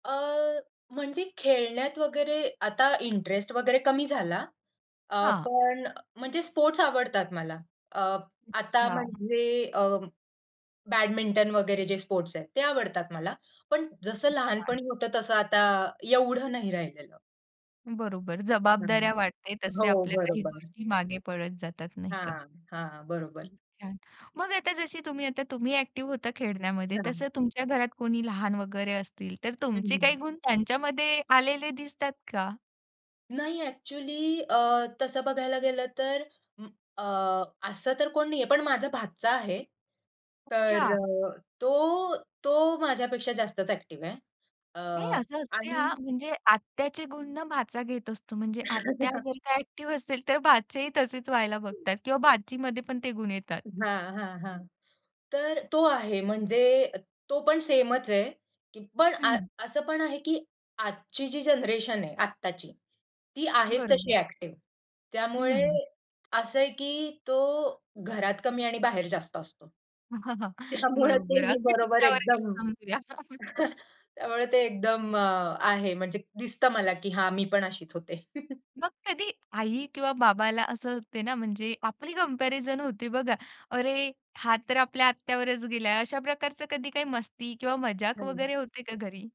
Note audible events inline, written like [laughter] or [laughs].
अ, म्हणजे खेळण्यात वगैरे, आता इंटरेस्ट वगैरे कमी झाला. अ, हां. पण अ, म्हणजे स्पोर्ट्स आवडतात मला. अ, आता अच्छा. म्हणजे अ, बॅडमिंटन वगैरे जे स्पोर्ट्स आहेत, ते आवडतात मला. पण जसं खूप छान. लहानपणी होतं, तसं आता एवढं नाही राहिलेलं. बरोबर. हं. जबाबदाऱ्या वाढते, तसे हो, आपल्या काही बरोबर. गोष्टी मागे पडत जातात, नाही का? हां, हां. बरोबर. खूप छान! मग आता जशी तुम्ही आता तुम्ही एक्टिव्ह होता खेळण्यामध्ये. हां. तसं तुमच्या घरात कोणी लहान वगैरे असतील, तर हं. तुमचे काही हं. गुण त्यांच्यामध्ये आलेले दिसतात का? नाही. एक्चुअली अ, तसं बघायला गेलं, तर म अ, असं तर कोण नाहीये. पण माझा भाचा आहे. तर, अच्छा. तो तो माझ्यापेक्षा जास्तच एक्टिव्ह आहे. अ, हे, असं असते, आणि हां. म्हणजे आत्याचे गुण ना भाचा घेत असतो. म्हणजे आत्या [laughs] जर का एक्टिव्ह असेल, तर भाचेही तसेच व्हायला बघतात किंवा भाचीमध्ये पण ते गुण येतात. हां, हां, हां. तर तो आहे, म्हणजे तो पण सेमच आहे, की पण अ हं. असं पण आहे, की आजची जी जनरेशन आहे, आत्ताची. ती आहेच तशी बरोबर. एक्टिव्ह. त्यामुळे, हं. असं आहे, की तो घरात कमी आणि बाहेर जास्त असतो. [chuckles] त्यामुळे ते बरोबर. मी अगदी बरोबर तुमच्यावर गेलं एकदम समजूया. [chuckles] [chuckles] त्यामुळे ते एकदम अ, आहे, म्हणजे दिसतं मला, की हां मी पण अशीच होते. [chuckles] मग कधी आई किंवा बाबाला असं ते ना, म्हणजे आपली कंपॅरिझन होते बघा. अरे! हा तर आपल्या आत्यावरच गेलाय. अशा प्रकारचं कधी काय मस्ती किंवा मजाक हं. वगैरे होते का घरी?